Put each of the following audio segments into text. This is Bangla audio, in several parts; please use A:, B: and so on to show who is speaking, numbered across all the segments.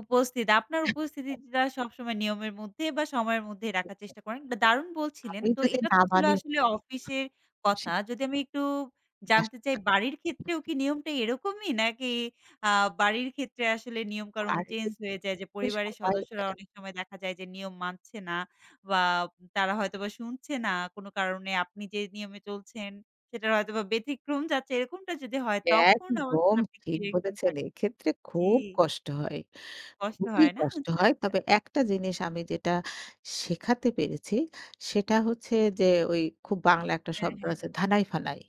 A: উপস্থিত, আপনার উপস্থিতিটা সবসময় নিয়মের মধ্যে বা সময়ের মধ্যেই রাখার
B: [unintelligible]
A: চেষ্টা করেন বা দারুণ বলছিলেন।
B: আমি
A: তো
B: যদি
A: এটা তো
B: না
A: ছিল
B: মানি।
A: আসলে অফিসের
B: আ সে
A: কথা। যদি আমি একটু জানতে চাই বাড়ির ক্ষেত্রেও
B: [unintelligible]
A: কি নিয়মটা এরকমই? নাকি আ বাড়ির ক্ষেত্রে আসলে নিয়মকানুন
B: আর
A: চেঞ্জ হয়ে যায়? যে পরিবারের
B: সবাই
A: সদস্যরা
B: দেয়।
A: অনেক সময় দেখা যায় যে, নিয়ম মানছে না বা তারা হয়তোবা শুনছে না। কোনো কারণে আপনি যে নিয়মে চলছেন, সেটার হয়তোবা ব্যতিক্রম চাচ্ছে এরকমটা যদি হয়, তখন
B: একদম
A: [unintelligible] কি
B: ঠিক
A: থাকে
B: বলেছেন। এক্ষেত্রে খুব
A: জ্বী।
B: কষ্ট হয়,
A: কষ্ট
B: খুবই
A: হয়, না?
B: কষ্ট
A: আচ্ছা,
B: হয়।
A: আচ্ছা।
B: তবে একটা জিনিস আমি যেটা শেখাতে পেরেছি। সেটা হচ্ছে যে, ওই খুব বাংলা একটা
A: হ্যাঁ,
B: শব্দ
A: হ্যাঁ।
B: আছে ধানাই-ফানাই।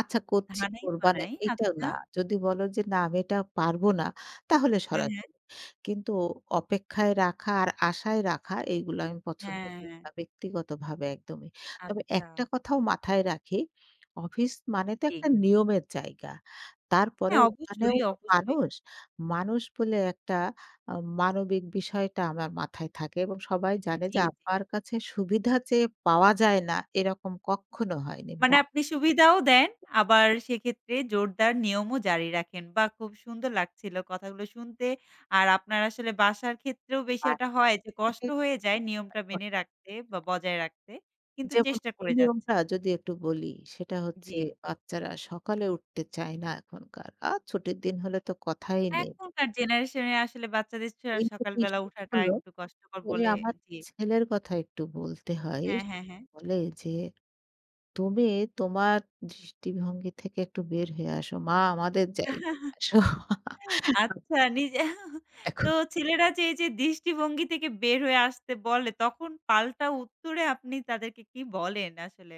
B: "আচ্ছা করছি, কোরবানে,"
A: ধানাই-পানাই,
B: এইটা
A: আচ্ছা।
B: না। যদি বলো যে "না, আমি এটা পারবো না।" তাহলে
A: হ্যাঁ, হ্যাঁ।
B: সরাসরি। কিন্তু অপেক্ষায় রাখা আর আশায় রাখা, এগুলা আমি পছন্দ করি
A: হ্যাঁ।
B: না ব্যক্তিগতভাবে একদমই। তবে একটা
A: আচ্ছা।
B: কথাও মাথায় রাখি, অফিস মানে তো
A: জ্বী।
B: একটা নিয়মের জায়গা।
A: হ্যাঁ,
B: তারপরেও ওখানেও
A: অবশ্যই,
B: তো
A: অবশ্যই।
B: মানুষ। মানুষ বলে একটা আ মানবিক বিষয়টা আমার মাথায় থাকে এবং সবাই জানে যে,
A: জ্বী, জ্বী।
B: আপার কাছে সুবিধা চেয়ে পাওয়া যায় না। এরকম কক্ষনো হয়নি। ব
A: মানে আপনি সুবিধাও দেন। আবার সেক্ষেত্রে জোরদার নিয়মও জারি রাখেন। বাহ! খুব সুন্দর লাগছিলো কথাগুলো শুনতে। আর আপনার আসলে বাসার ক্ষেত্রেও
B: আ
A: বিশয় টা হয় যে, কষ্ট
B: [unintelligible]
A: হয়ে যায় নিয়মটা মেনে রাখতে বা বজায় রাখতে। কিন্তু
B: যেমন
A: চেষ্টা
B: কোন
A: করে
B: নিয়মটা?
A: যাচ্ছেন।
B: যদি একটু বলি। সেটা হচ্ছে
A: জ্বী।
B: বাচ্চারা সকালে উঠতে চায় না এখনকার। আর ছুটির দিন হলে তো কথাই নেই।
A: এখনকার জেনারেশনে আসলে বাচ্চাদের চে
B: কিন্তু
A: সকাল
B: কি [unintelligible]
A: বেলা
B: স
A: উঠাটা
B: হল?
A: একটু কষ্টকর
B: ওই
A: বলে
B: আমার
A: জ্বী।
B: ছেলের কথা একটু বলতে হয়।
A: হ্যাঁ, হ্যাঁ, হ্যাঁ।
B: বলে যে, "তুমি তোমার দৃষ্টিভঙ্গি থেকে একটু বের হয়ে আসো। মা আমাদের জায়গায় আসো।"
A: আচ্ছা নিজে,
B: এখ
A: তো ছেলেরা যে এইযে দৃষ্টিভঙ্গি থেকে বের হয়ে আসতে বলে। তখন পাল্টা উত্তরে আপনি তাদেরকে কী বলেন আসলে?